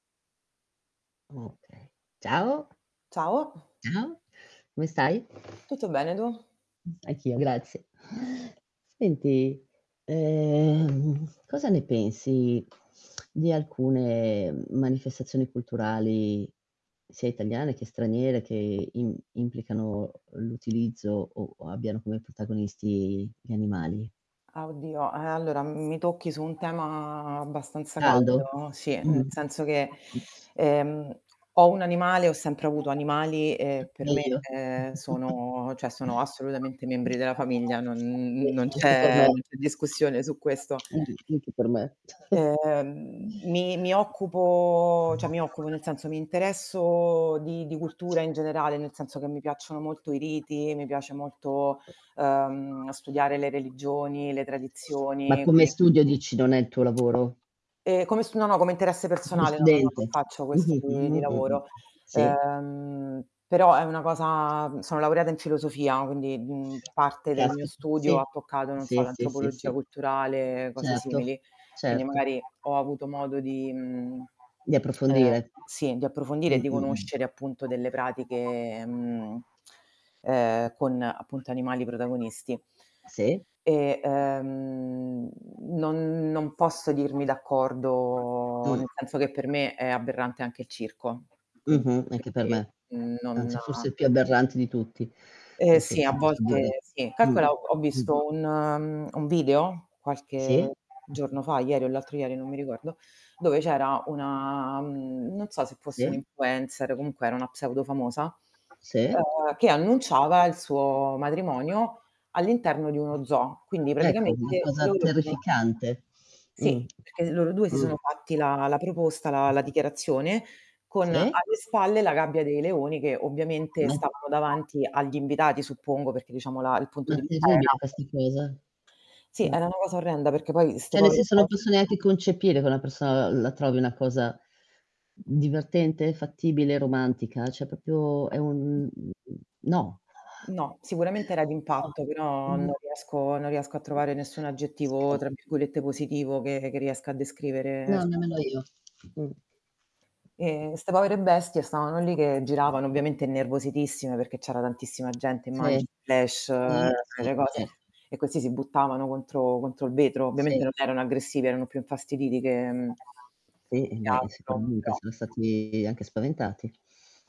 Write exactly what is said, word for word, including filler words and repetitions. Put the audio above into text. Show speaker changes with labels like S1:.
S1: Ciao.
S2: Ciao.
S1: Ciao, come stai?
S2: Tutto bene tu?
S1: Mh, anch'io, grazie. Senti, ehm cosa ne pensi di alcune manifestazioni culturali sia italiane che straniere, che im implicano l'utilizzo o o abbiano come protagonisti gli animali?
S2: Ah, oddio, eh allora mi tocchi su un tema abbastanza
S1: Caldo.
S2: caldo, sì, nel
S1: Mh-mh.
S2: senso che, ehm, ho un animale, ho sempre avuto animali e per me
S1: Meglio.
S2: ehm, sono cioè sono assolutamente membri della famiglia, non n
S1: Sì,
S2: n non
S1: anche per me.
S2: c'è discussione su questo.
S1: Mh-mh. Anche per me.
S2: Ehm. Mi mi occupo ceh mi occupo, nel senso mi interesso di di cultura in generale, nel senso che mi piacciono molto i riti, mi piace molto, ehm, studiare le religioni, le
S1: Ma
S2: tradizioni,
S1: come
S2: quindi
S1: studio dici non è il tuo lavoro?
S2: Ehm, come s no no, come interesse
S1: Come
S2: personale, no, non
S1: studente.
S2: faccio questo
S1: Mh-mh,
S2: di di
S1: mh-mh, mh-mh,
S2: lavoro.
S1: sì.
S2: Ehm, però è una cosa, mhmm sono laureata in filosofia, quindi, mhmm, parte del mio
S1: Caspita.
S2: studio ha
S1: Sì,
S2: toccato, non so,
S1: sì, sì, sì,
S2: l'antropologia
S1: sì.
S2: culturale, cose
S1: Certo,
S2: simili. Quindi
S1: certo.
S2: magari ho avuto modo di mhmm,
S1: Di
S2: ehm
S1: approfondire.
S2: sì, di approfondire e
S1: Mh,
S2: di
S1: mh, mh.
S2: conoscere appunto delle pratiche, mhmm, ehm, con appunto animali protagonisti.
S1: Sì.
S2: E, ehm, non non posso dirmi d'accordo,
S1: Mh.
S2: nel senso che per me è aberrante anche il circo, quin
S1: Mh-mh.
S2: e
S1: Anche per me,
S2: quindi non
S1: anzi forse il più aberrante di tutti.
S2: Eh
S1: Posso
S2: sì, a
S1: se posso dire.
S2: volte sì,
S1: Mh,
S2: calcola, ho
S1: mh.
S2: visto un un video qualche
S1: Sì.
S2: giorno fa, ieri o l'altro ieri, non mi ricordo, dove c'era una mhmm, non so se fosse
S1: Sì.
S2: un
S1: Sì.
S2: influencer, comunque era una pseudo famosa,
S1: Sì.
S2: ehm, che annunciava il suo matrimonio all'interno di uno zoo. Quindi
S1: Ecco, una
S2: praticamente
S1: cosa
S2: loro si sono
S1: terrificante. Mh.
S2: Sì, perché loro due si
S1: Mh.
S2: sono fatti la la proposta, la la dichiarazione, con
S1: Sì.
S2: alle spalle la gabbia dei leoni che ovviamente
S1: Me
S2: stavano davanti agli invitati suppongo perché diciamo la il punto
S1: Ma è
S2: di vista era
S1: terribile questa cosa.
S2: Sì,
S1: Mh
S2: era una cosa orrenda, perché poi 'ste
S1: ceh nel
S2: povere
S1: senso non
S2: bestie
S1: posso neanche concepire che una persona la la trovi una cosa divertente, fattibile, romantica, cioè propio è un n n no.
S2: No, sicuramente era
S1: No,
S2: d'impatto, però
S1: mhmm
S2: non riesco non riesco a trovare nessun aggettivo,
S1: [unintelligible]
S2: tra virgolette "positivo" che che riesca a descrivere
S1: No,
S2: [unintelligible]
S1: nemmeno io. Mh.
S2: E 'ste povere bestie stavano lì che
S1: Mh.
S2: giravano ovviamente innervositissime, perché c'era tantissima gente,
S1: Sì. Eh,
S2: immagini, flash,
S1: sì,
S2: quelle cose
S1: certo.
S2: e questi si buttavano contro contro il vetro.
S1: Sì.
S2: Ovviamente non erano aggressivi, erano più infastiditi che mhmm
S1: Sì
S2: che
S1: beh,
S2: altro
S1: sicuramente
S2: però
S1: saran stati anche spaventati.